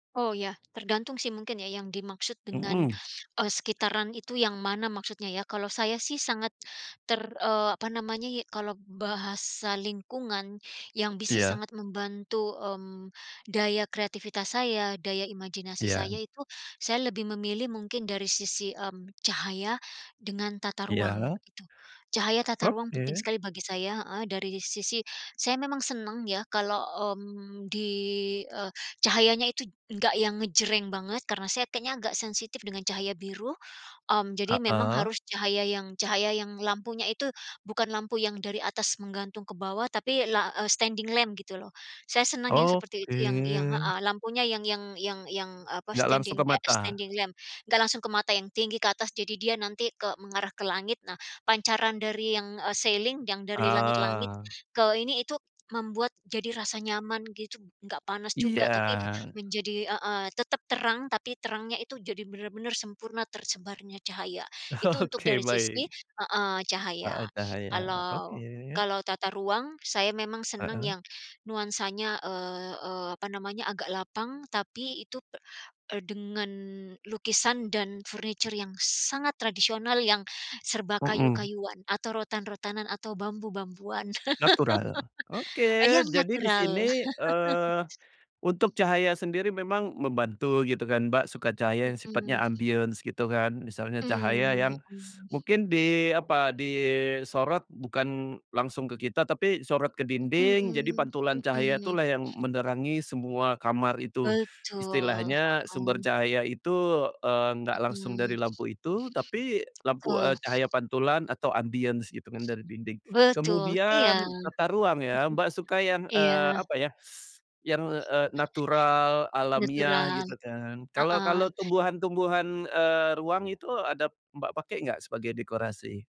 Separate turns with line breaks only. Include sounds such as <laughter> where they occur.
Oh ya, tergantung sih mungkin ya yang dimaksud dengan,
Mhm.
eee, sekitaran itu yang mana maksudnya ya kalau saya sih sangat ter eee, apa namanya ya, kalau bahasa lingkungan yang bisa
Iya.
sangat membantu, mmm, daya kreativitas saya, daya imajinasi
Iya.
saya itu saya lebih memilih mungkin dari sisi, mmm, cahaya dengan tata ruang,
Iya.
itu. Cahaya tata ruang, penting
Oke.
sekali bagi saya heeh, dari sisi saya memang senang ya kalau, mmm, di, eee, cahayanya itu enggak yang ngejreng banget karena saya kayaknya enggak sensitif dengan cahaya biru, mmm, jadi memang
Heeh.
harus cahaya yang cahaya yang lampunya itu, bukan lampu yang dari atas menggantung ke bawah tapi la eee, standing lamp gitu loh. Saya senang yang seperti itu yang yang
Oke.
heeh lampunya yang yang yang yang, eee, apa
Enggak langsung
standing,
ke
kayak
mata.
standing lamp. Enggak langsung ke mata yang tinggi ke atas, jadi dia nanti ke mengarah ke langit nah. Pancaran dari yang ceiling, yang dari langit-langit,
Ah.
ke ini itu membuat jadi rasa nyaman gitu, enggak panas juga tapi,
Iya.
menjadi heeh tetap terang tapi terangnya itu jadi benar-benar sempurna, tersebarnya cahaya. Itu untuk
Oke,
dari sisi
baik.
heeh cahaya.
Heeh, cahaya,
Kalau
oke.
kalau tata ruang, saya memang senang
Heeh.
yang nuansanya, eee eee, apa namanya, agak lapang tapi itu pe dengan lukisan dan furniture yang sangat tradisional, yang serba
Mhm.
kayu-kayuan atau rotan-rotanan atau bambu-bambuan,
Natural,
<laughs>
oke
yang
jadi di
natural.
sini,
<laughs>
eee, untuk cahaya sendiri memang membantu gitu kan Mbak, suka cahaya yang sifatnya
Mhm.
ambience gitu kan, misalnya cahaya
Mhm
yang <sucks teeth>
mhm.
mungkin di apa, disorot bukan langsung ke kita, tapi disorot ke dinding jadi
Mhm
pantulan cahaya
mhm.
itulah yang menerangi semua kamar itu.
Betul,
Istilahnya sumber
mhm.
cahaya itu, eee, enggak langsung
Mhm.
dari lampu itu, tapi lampu,
Betul.
eee, cahaya pantulan atau ambience gitu kan dari dinding,
Betul, iya.
kemudian tata ruang ya, Mbak, suka
<chuckles>
yang eee,
Iya.
apa ya, <sucks teeth> yang eee, natural, alamiah
Natural.
gitu kan.
Heeh.
Kalau-kalau, tumbuhan-tumbuhan, eee, ruang itu ada Mbak, pakai enggak sebagai dekorasi?